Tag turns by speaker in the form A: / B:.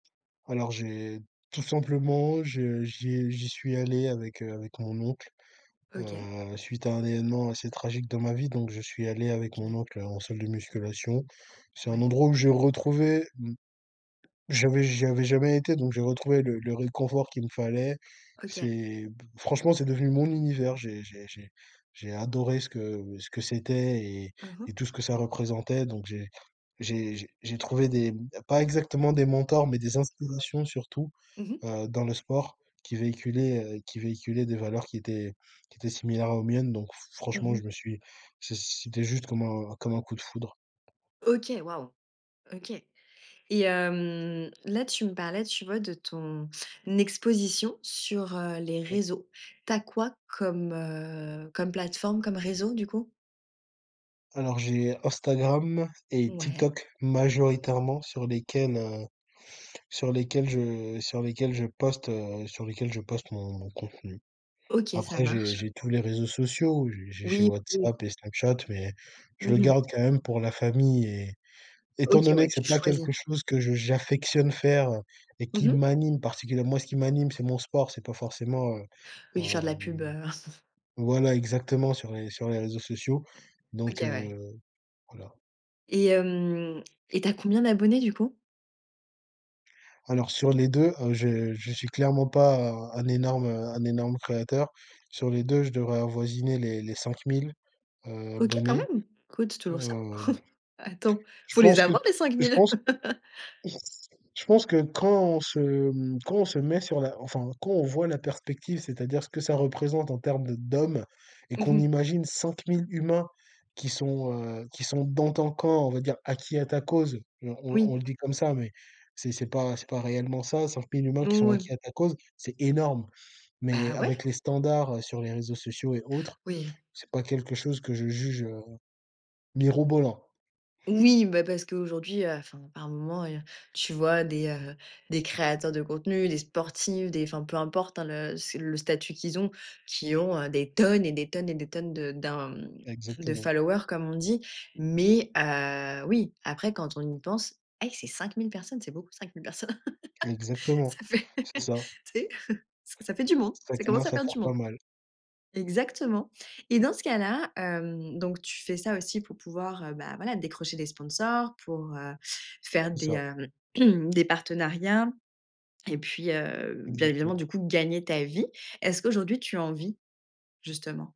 A: Alors j'ai tout simplement j'ai j'ai j'y suis allé avec, heu avec mon oncle,
B: OK.
A: heu, suite à un événement assez tragique dans ma vie donc je suis allé avec mon
B: Kiné.
A: oncle en salle de musculation. C'est un
B: Ouais.
A: endroit où j'ai retrouvé, mmh j'avais j'avais jamais été donc j'ai retrouvé le le réconfort qu'il me fallait,
B: OK.
A: c'est b franchement c'est devenu mon univers. J'ai j'ai j'ai j'ai adoré ce que ce que c'était et
B: Mmh mh.
A: et tout ce que ça représentait donc j'ai j'ai j'ai j'ai trouvé des pas exactement des mentors, mais des inspirations surtout,
B: Mmh mh.
A: heu, dans le sport qui véhiculaient, heu qui véhiculaient des valeurs qui étaient qui étaient similaires aux miennes. Donc f
B: Mmh
A: franchement, je
B: mh.
A: me suis c c'était juste comme un comme un coup de foudre.
B: OK waouh! OK et hem, là tu me parlais, tu vois, de ton exposition sur, heu, les
A: Mmh.
B: réseaux. Tu as quoi comme, heu, comme plateforme, comme réseau du coup?
A: Alors j'ai Instagram et
B: Ouais.
A: TikTok majoritairement sur lesquels, heu, sur lesquels je sur lesquels je poste, heu, sur lesquels je poste mon mon contenu.
B: OK ça
A: Après j'ai
B: marche.
A: j'ai tous les réseaux sociaux, j'ai j'ai j'ai
B: Oui, oui.
A: WhatsApp et Snapchat, mais
B: Mmh
A: je le
B: mh.
A: garde quand même pour la famille et étant
B: OK
A: donné
B: ouais,
A: que
B: tu
A: c'est pas
B: choisis.
A: quelque chose que je j'affectionne faire et
B: Mmh
A: qui
B: mh.
A: m'anime particulièrement. Moi, ce qui m'anime, c'est mon sport, c'est pas forcément, heu,
B: Oui faire de la
A: hem
B: pub, heu
A: voilà exactement sur les sur les réseaux sociaux.
B: OK
A: Donc
B: ouais.
A: heu, voilà.
B: Et hem et tu as combien d'abonnés du coup?
A: Alors sur les 2, heu, je je suis clairement pas un un énorme, heu, un énorme créateur. Sur les 2, je devrais avoisiner les les 5 000, heu,
B: OK quand
A: abonnés,
B: même. Écoutes c'est toujours ça.
A: hem,
B: Attends,
A: je
B: faut les
A: pense que
B: avoir les cinq
A: je
B: mille.
A: pense je pense que quand on se, mmh quand on se met sur la enfin quand on voit la perspective, c'est-à-dire ce que ça représente en termes de d'hommes et
B: Mmh
A: qu'on
B: mh.
A: imagine 5 000 humains qui sont, heu, qui sont dans ton camp, on va dire acquis à ta cause, on on on
B: Oui.
A: le dit comme ça, mais c'est c'est pas c'est pas réellement ça, 5 000 humains qui
B: Nou
A: sont
B: ouais.
A: acquis à ta cause, c'est énorme! Mais
B: Bah,
A: avec
B: ouais!
A: les standards, heu, sur les réseaux sociaux et autres,
B: Oui.
A: c'est pas quelque chose que je juge, heu, mirobolant.
B: Oui bah, parce qu'aujourd'hui, heu, enfin par moments et heu, tu vois des, heu, des créateurs de contenus, des sportifs, des enfin peu importe hein, le c'est le statut qu'ils ont, qui ont, heu, des tonnes et des tonnes et des tonnes de d'un de
A: Exactement.
B: followers, comme on dit. Mais heu, oui, après quand on y pense et que c'est 5 000 personnes, c'est beaucoup 5 000 personnes.
A: Exactement,
B: Ça fait,
A: c'est ça.
B: tu sais? Ça ça fait du monde,
A: Ça
B: ça commence
A: commence
B: à
A: à
B: faire
A: faire
B: du
A: pas
B: monde.
A: mal.
B: Exactement et dans ce cas-là, hem donc tu fais ça aussi pour pouvoir bah, voilà, décrocher des sponsors, pour heu, faire
A: C'est
B: des,
A: ça.
B: hem des partenariats et puis, heu, bien évidemment
A: Exactement.
B: du coup gagner ta vie. Est-ce qu'aujourd'hui tu en vis, justement?